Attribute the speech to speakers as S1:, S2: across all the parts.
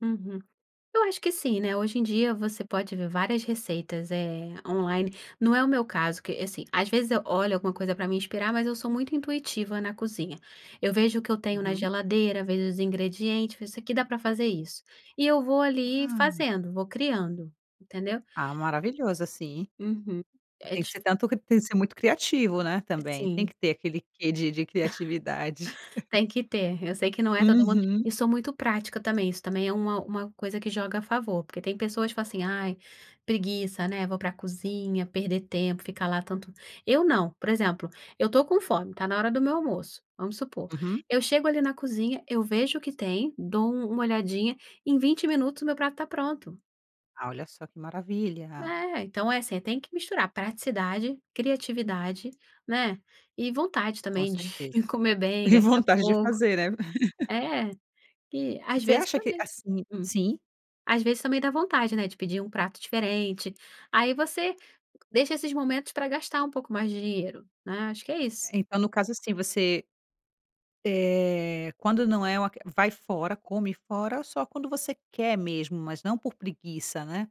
S1: Uhum, eu acho que sim, né, hoje em dia você pode ver várias receitas é, online, não é o meu caso que, assim, às vezes eu olho alguma coisa pra me inspirar, mas eu sou muito intuitiva na cozinha. Eu vejo o que eu tenho na
S2: Uhum.
S1: geladeira, vejo os ingredientes, vejo isso aqui dá pra fazer isso. E eu vou ali
S2: Ah, não.
S1: fazendo, vou criando, entendeu?
S2: Ah, maravilhoso, assim.
S1: Uhum, é
S2: Tem que
S1: dif
S2: ser tanto cri que tem que ser muito criativo, né, também, tem
S1: Sim.
S2: que ter aquele quê de de criatividade.
S1: Tem que ter, eu sei que não é todo mundo,
S2: Uhum.
S1: e sou muito prática também, isso também é uma uma coisa que joga a favor, porque tem pessoas que falam, assim, ai, preguiça, né, vou pra cozinha, perder tempo, ficar lá tanto. Eu não, por exemplo, eu estou com fome, está na hora do meu almoço, vamos supor,
S2: Uhum.
S1: eu chego ali na cozinha, eu vejo o que tem, dou uma "olhadinha," em 20 minutos o meu prato está pronto.
S2: Ah, olha só que maravilha.
S1: Eh, então é, assim, tem que misturar praticidade, criatividade, né, e vontade
S2: Com
S1: também de
S2: certeza.
S1: comer bem,
S2: E
S1: gastar
S2: vontade de
S1: pouco.
S2: fazer, né?
S1: É, e às
S2: Você
S1: vezes
S2: acha que,
S1: também.
S2: assim
S1: Hum,
S2: sim?
S1: às vezes também dá vontade, né, de pedir um prato diferente. Aí você deixa esses momentos, pra gastar um pouco mais de dinheiro né, acho que é isso.
S2: É, então no caso, assim, você, eh, quando não é um vai fora, come fora, só quando você quer mesmo, mas não por preguiça, né.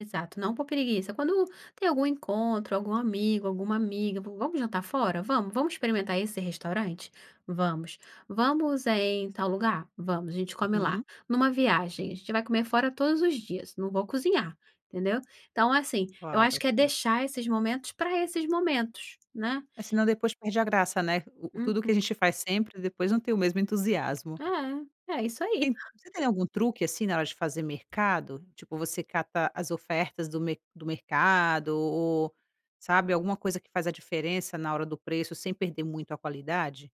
S1: Exato, não por preguiça. Quando tem algum encontro, algum amigo, alguma amiga, vamos jantar fora? Vamos, vamos experimentar esse restaurante? Vamos. Vamos, é, em tal lugar? Vamos, a gente come lá.
S2: Hum.
S1: Numa viagem, a gente vai comer fora todos os dias, não vou cozinhar, entendeu? Então, assim, eu acho
S2: Claro,
S1: que é
S2: hum.
S1: deixar esses momentos, para esses momentos, né?
S2: Assim, não depois perde a graça, né, o o tudo que
S1: Uhum.
S2: a gente faz sempre depois não tem o mesmo entusiasmo.
S1: É, é isso aí.
S2: En você tem algum truque, assim, na hora de fazer mercado? Tipo você cata as ofertas do mer do mercado o o sabe, alguma coisa que faz a diferença, na hora do preço sem perder muito a qualidade?